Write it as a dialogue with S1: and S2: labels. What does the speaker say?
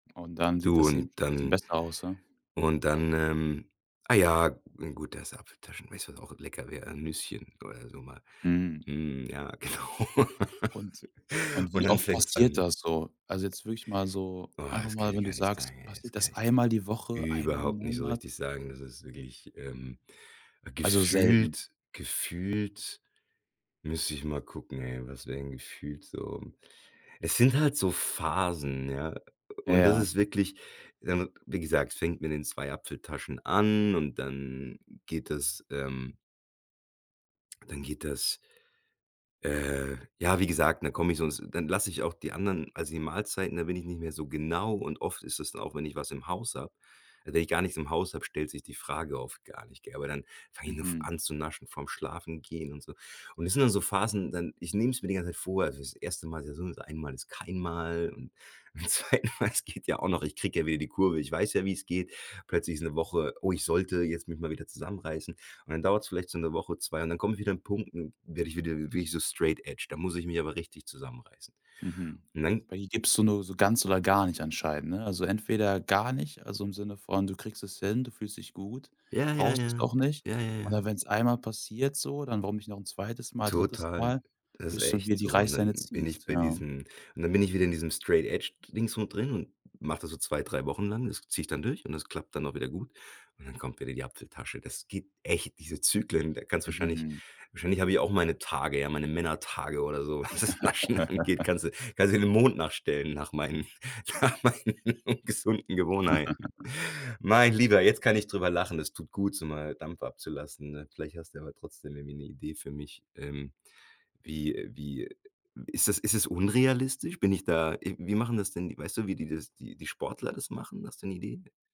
S1: Und dann sieht
S2: Du
S1: das eben
S2: und
S1: bisschen
S2: dann
S1: besser aus, ja?
S2: und dann, ähm ah ja, gut, das ist Apfeltaschen weißt du, was auch lecker wär, 'n Nüsschen oder so mal.
S1: Hm.
S2: Hm, ja, genau.
S1: Und und
S2: und
S1: wie
S2: dann
S1: oft
S2: fängt's
S1: passiert
S2: an.
S1: das so? Also jetzt wirklich mal so
S2: Oh,
S1: einfach
S2: das
S1: mal
S2: kann
S1: wenn
S2: ich
S1: du
S2: gar nicht
S1: sagst,
S2: sagen ey, das
S1: passiert
S2: kann
S1: das
S2: ich
S1: einmal die Woche,
S2: dir
S1: einmal im
S2: überhaupt nicht so
S1: Monat?
S2: richtig sagen. Das ist wirklich ähm,
S1: Also, selten?
S2: gefühlt gefühlt müsste ich mal gucken, ey, was wäre denn gefühlt so? Es sind halt so Phasen, ja, und das
S1: Ja.
S2: ist wirklich, dann wie gesagt, fängt mit den 2 Apfeltaschen an und dann geht das, ähm dann geht das äh, ja, wie gesagt, dann komme ich sonst dann lasse ich auch die anderen also, die Mahlzeiten, da bin ich nicht mehr so genau und oft ist es dann auch, wenn ich was im Haus habe also, wenn ich gar nichts im Haus habe, stellt sich die Frage oft gar nicht, gell? Aber dann fang ich noch f
S1: Mhm.
S2: an zu naschen vorm Schlafengehen und so. Und es sind dann so Phasen, dann ich nehme es mir die ganze Zeit vor, also, das 1. Mal ist ja sowieso einmal ist kein Mal und beim 2. Mal, es geht ja auch noch ich kriege ja wieder die Kurve. Ich weiß ja, wie's geht. Plötzlich ist 'ne Woche oh, ich sollte jetzt mich mal wieder zusammenreißen und dann dauert's vielleicht so 'ne Woche, 2 und dann kommt wieder 'n Punkt, werde ich wieder wirklich so straight edge. Da muss ich mich aber richtig zusammenreißen.
S1: Mhm,
S2: Und dann
S1: bei dir gibst du nur so ganz oder gar nicht anscheinend, ne? Also, entweder gar nicht, also im Sinne von, du kriegst es hin, du fühlst dich gut,
S2: Ja, ja,
S1: brauchst es
S2: ja,
S1: auch nicht,
S2: ja, ja, ja.
S1: oder wenn's einmal passiert so, dann warum nicht noch 'n 2. Mal, 3.
S2: Total.
S1: Mal,
S2: Das ist
S1: bis du wieder
S2: echt
S1: die
S2: so. Und
S1: Reisleine
S2: dann bin ich
S1: ziehst,
S2: bei
S1: ja.
S2: diesen und dann bin ich wieder in diesem Straight Edge Dingsbums drin und mach das so 2, 3 Wochen lang. Das ziehe ich dann durch und das klappt dann auch wieder gut. Und dann kommt wieder die Apfeltasche. Das geht echt diese Zyklen da kannst wahrscheinlich
S1: Mhm.
S2: wahrscheinlich habe ich auch meine Tage, ja, meine Männertage oder so, was das Naschen angeht. Kannst du kannst dir den Mond nachstellen nach meinen nach meinen gesunden Gewohnheiten. Mein Lieber, jetzt kann ich drüber lachen. Es tut gut, so mal Dampf abzulassen, ne? Vielleicht hast du aber trotzdem irgendwie 'ne Idee für mich, ähm, wie wie ist das ist das unrealistisch? Bin ich da wie machen das denn weißt du, wie die das die die Sportler das machen? Hast du 'ne Idee?